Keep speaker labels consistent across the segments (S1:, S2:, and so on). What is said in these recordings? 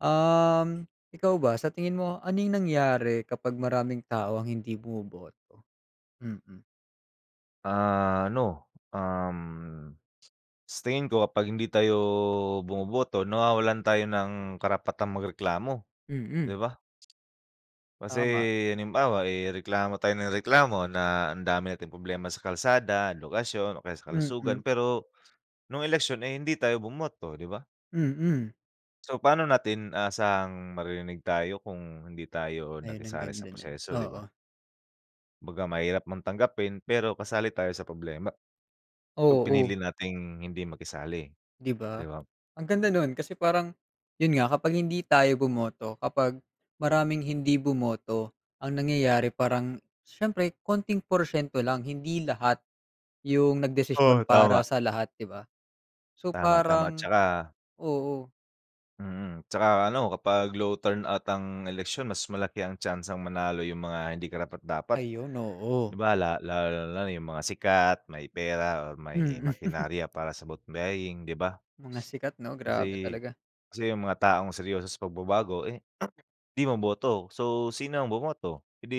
S1: Um, ikaw ba sa tingin mo ano yung nangyari kapag maraming tao ang hindi bumuboto? Mm.
S2: Ano, um, sa tingin ko kapag hindi tayo bumuboto nawawalan tayo ng karapatan magreklamo, 'di
S1: Mm.
S2: ba? Kasi
S1: Tama.
S2: halimbawa, eh, reklamo tayo ng reklamo na ang dami nating problema sa kalsada, lokasyon o kaya sa kalusugan
S1: Mm.
S2: pero, nung eleksyon ay hindi tayo bumoto 'di ba?
S1: Mm.
S2: So pa'no natin aasahang maririnig tayo kung hindi tayo
S1: Ayun ang
S2: nakisali sa
S1: ganda niyan,
S2: proseso 'di ba?
S1: oo.
S2: Kumbaga mahirap mong tanggapin pero kasali tayo sa problema yung
S1: Oo.
S2: pinili nating hindi makisali
S1: 'Di ba?
S2: 'di ba?
S1: Ang ganda no'n, kasi parang 'yun nga kapag hindi tayo bumoto kapag maraming hindi bumoto ang nangyayari parang siyempre konting porsyento lang, hindi lahat yung
S2: Oo,
S1: nagdesisyon para
S2: tama.
S1: sa lahat 'di ba? So
S2: Tama, tama
S1: parang
S2: 'tsaka
S1: oo.
S2: mm, 'tsaka ano kapag low turn out ang eleksyon mas malaki ang tyansang manalo yung mga hindi karapat-dapat.
S1: Ayun,
S2: 'Di
S1: oo.
S2: ba, la lalo na yung mga sikat, may pera or may
S1: Mhm.
S2: makinarya para sa vote buying 'di ba?
S1: Mga sikat 'no? Grabe
S2: Kasi,
S1: talaga!
S2: kasi yung mga taong seryoso sa pagbabago, eh, 'di ma-boto. So sino ang bumoto? Eh, 'di,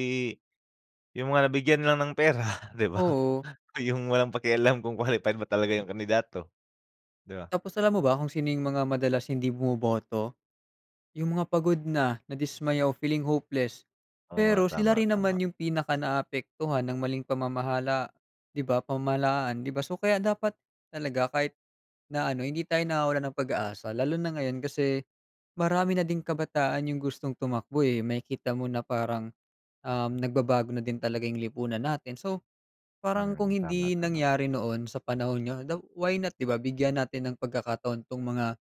S2: yung mga nabigyan lang ng pera 'di ba?
S1: Oo.
S2: Yung walang pakialam kung qualified ba talaga yung kandidato, 'di ba?
S1: Tapos alam mo ba kung sino yung mga madalas hindi bumoboto? Yung mga pagod na, nadismaya o feeling hopeless.
S2: Oo nga,
S1: Pero sila
S2: tama,
S1: rin
S2: tama.
S1: naman yung pinaka naaapektuhan ng maling pamamahala 'di ba? Pamahalaan 'di ba? So, kaya dapat talaga kahit na ano hindi tayo nawawalan ng pag-asa. Lalo na ngayon kasi marami na ding kabataan yung gustong tumakbo, eh, makikita mo na parang, um, nagbabago na din talaga yung lipunan natin. So parang kung
S2: Mm, tama,
S1: hindi
S2: tama.
S1: nangyari noon sa panahon 'nyo daw why not 'di ba, bigyan natin ng pagkakataon 'tong mga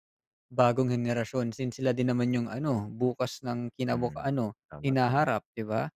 S1: bagong henerasyon. Since sila din naman yung ano bukas ng kinabuk
S2: Hmm,
S1: ano
S2: tama, tama.
S1: hinaharap 'di ba?